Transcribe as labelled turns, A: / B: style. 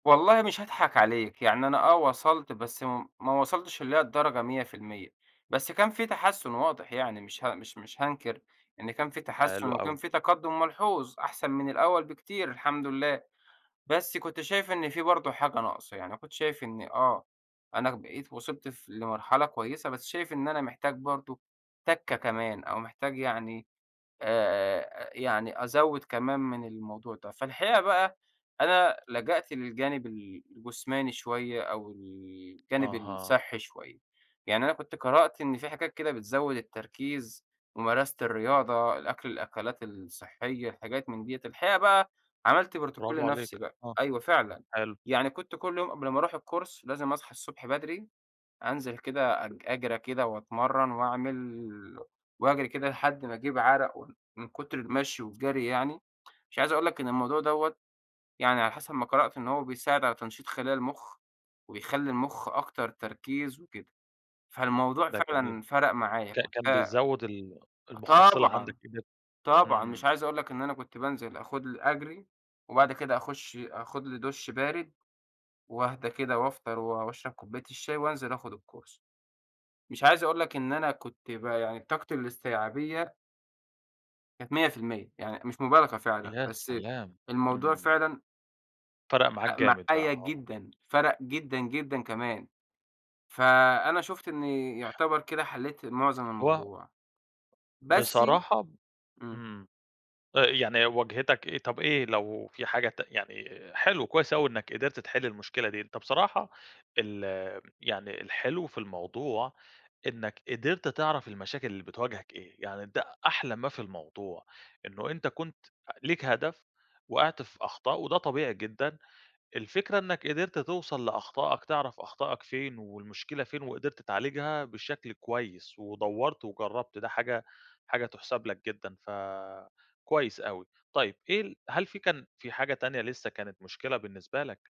A: والله مش هاضحك عليك يعني أنا آه وصلت بس م ما وصلتش اللي هي الدرجة 100%، بس كان في تحسّن واضح يعني مش ه مش مش هانكر إن كان فيه تحسّن
B: حلو
A: وكان
B: أوي.
A: في تقدّم ملحوظ أحسن من الأول بكتير الحمد لله، بس كنت شايف إن في برضه حاجة ناقصة يعني أنا كنت شايف إن آه، أنا بقيت وصلت ف لمرحلة كويّسة بس شايف إن أنا محتاج برضه تَكّة كمان أو محتاج يعني آآ، آآ، أ يعني أزوّد كمان من الموضوع ده، فالحقيقة بقى أنا لجأت للجانِب ال الجسماني شوية أو الجانب
B: أها.
A: الصِحّي شوية. يعني أنا كنت قرأت إن في حاجات كده بتزوّد التركيز: ممارسة الرياضة، الأكل الأكلات الصحيّة حاجات من دِيَّة. الحقيقة بقى عملت بروتوكول
B: براڨو عليك،
A: لنَفْسي بقى،
B: آه،
A: أيوَه فعلًا،
B: حلو.
A: يعني كنت كُل يوم قبل ما أروح الCourse لازم أصحى الصبح بدري، أنزل كده أج أجري كده وأتمرّن وأعمِل وأجري كده لحد ما أجيب عرق وان من كُتر المشي والجري يعني. مش عايز أقول لك إن الموضوع دَوَّة يعني على حسب ما قرأت إن هو بيساعد على تنشيط خلايا المُخ، وبيخلّي المُخ أكتر تركيز وكده، فالموضوع
B: ده جميل،
A: فعلًا فَرَق معايا
B: كا
A: كنت
B: كان
A: آه
B: بيزوّد ال المُحصّلة عَندك
A: طبعًا،
B: كده.
A: طبعًا مش
B: إمم.
A: عايز أقُول لك إن أنا كنت بانزل آخد لي أجري وبَعد كده أخُش آخد لي دُش بارد وأهدا كده وأفطر و وأشرب كوباية الشاي وأنزل آخد الCourse. مش عايز أقُول لك إن أنا كنت ب يعني طاقتي الاستيعابية كانت 100% يعني مش مبالغة فعلًا،
B: يا
A: بس
B: سلام!
A: الموضوع
B: إمم.
A: فعلًا
B: فَرَق معاك
A: فَرَق
B: جامد بقى،
A: معايا
B: آه.
A: جدًا فَرَق جدًا، جدًا كمان. فأنا شُفت إنّي يُعتبر كده حلّيت معظم
B: هو
A: الموضوع. بس
B: بصراحة ب
A: إمم.
B: إمم. آآ يعني واجهِتك إيه؟ طَب إيه لو في حاجة ت يعني حلو كويس أوي إنّك قدرت تحِل المشكلة دي. أنت بصراحة ال آمم يعني الحلو في الموضوع إنّك قدرت تعرف المشاكل اللي بتواجهك إيه، يعني ده أحلى ما في الموضوع إنّه أنت كنت أ ليك هدف وقعت في أخطاء وده طبيعي جدًا، الفكرة إنّك قدرت توصل لأخطائك، تعرف أخطاءك فين والمشكلة فين وقدرت تعالجها بشكل كويّس ودوّرت وجرّبت ده حاجة حاجة تُحسَب لك جدًا فكويّس أوي. طيّب إيه ال هل في كان في حاجة تانية لِسّه كانت مشكلة بالنسبة لك؟